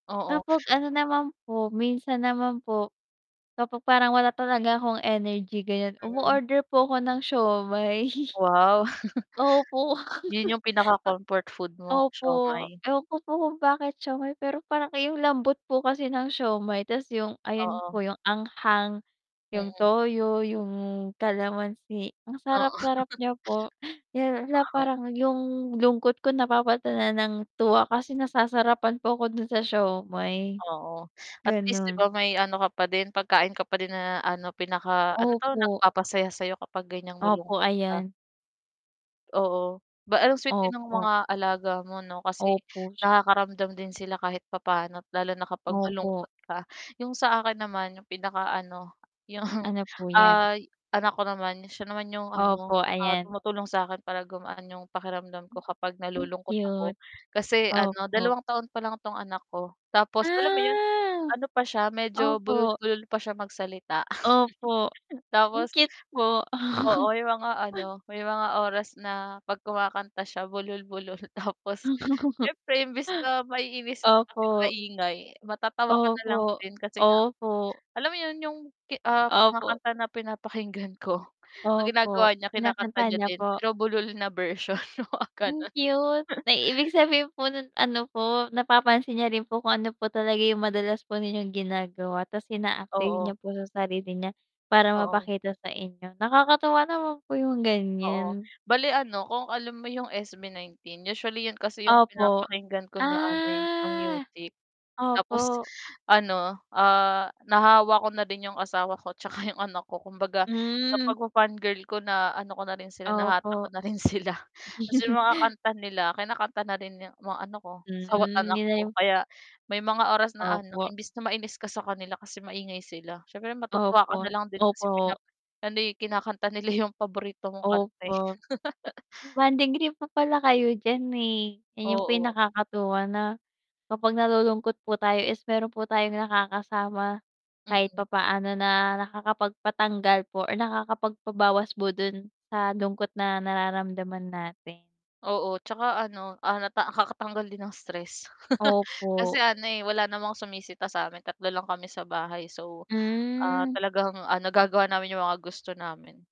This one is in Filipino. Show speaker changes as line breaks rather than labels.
Oo.
Kapag ano naman po minsan naman po, kapag parang wala talaga akong energy ganyan
Mm.
umoorder po ako ng siomai.
Wow.
Opo.
'Yon 'yong pinaka-comfort food mo
Opo,
siomai.
ewan ko po kung bakit siomai pero parang 'yong lambot po kasi ng siomai tapos 'yong ayon
Oo.
po 'yong anghang, 'yong
Mm.
toyo, 'yong kalamansi ang sarap
Oo.
sarap niya po.
[unintelligible]
Parang 'yong lungkot ko napapalitan na ng tuwa kasi nasasarapan po ko do'n sa siomai.
Oo, atleast 'di
Gano'n.
ba may ano ka pa din pagkain ka pa din na ano pinaka ano 'to,
Opo.
nagpapasaya sa'yo kapag ganyang
Opo,
malungkot ka.
ayan.
Oo ba sweet din ng
Opo.
mga alaga mo 'no kasi
Opo.
nakakaramdam din sila kahit papaano lalo't na kapag
Opo.
malungkot ka, 'yong sa akin naman 'yong pinakaano 'yong,
Ano po yan?
ah, anak ko naman siya naman 'yong ano,
Opo,
ah,
ayan.
tumutulong sa akin para gumaan 'yong pakiramdam ko kapag nalulungkot
Cute.
ako kasi ano
Opo.
dalawang taon pa lang itong anak ko, tapos alam mo 'yon
Ah,
ano pa siya medyo
opo.
bulol-bulol pa siya magsalita
Opo, ang
tapos
cute po.
Oo 'yong mga ano may mga oras na 'pag kumakanta siya bulol-bulol tapos siyempre imbis na maiinis ka kasi
Opo.
maingay matatawa ka na lang
Opo,
din kasi nga,
opo.
alam mo 'yon 'yong, ah, mga
Opo.
kanta na pinapakinggan ko ang
Opo,
ginagawa niya kinakanta
kinakanta
niya
niya
din
po.
pero bulol na version, oo
Ang
gano'n.
cute, may ibig sabihin po no'n ano po napapansin niya rin po kung ano po talaga 'yong madalas po ninyong ginagawa tas ina-apply niya
Oo.
po sa sarili niya, para
Oo.
mapakita sa inyo nakakatuwa naman po 'yong
Oo,
ganyan.
bali ano kung alam mo 'yong SB19 usually 'yon kasi 'yong
Opo,
pinapakinggan ko na ano, eh, na
ah,
music. Tapos
Opo.
ano, ah, nahawa ko na rin 'yong asawa ko tsaka 'yong anak ko kumbaga sa
Hmm.
pagfa fangirl ko na ano ko na rin sila nahatak ko
Opo.
na rin sila, tapos 'yong mga kanta nila kinakanta na rin ng mga ano ko,
Mm,
asawa't anak
hindi na
ko
'yong
kaya may mga oras na ano
Opo.
imbis na mainis ka sa kanila kasi maingay sila siyempre matutuwa ka
Opo,
nalang din kasi
opo.
ano, eh, kinakanta nila 'yong paborito kong kanta eh.
Opo. Bonding trip pa pala kayo diyan, eh, 'yon pa 'yong
Oo.
nakakatuwa na kapag nalulungkot po tayo is meron po tayong nakakasama, kahit
Mm.
papaano na nakakapagpatanggal po or nakakapagpabawas po do'n sa lungkot na nararamdaman natin.
Oo, tsaka ano, ah, na nakakatanggal din ng stress, kasi
Opo.
ano, eh, wala namang sumisita sa amin, 3 lang kami sa bahay, so, ah,
Hmm.
talagang nagagawa namin 'yong mga gusto namin.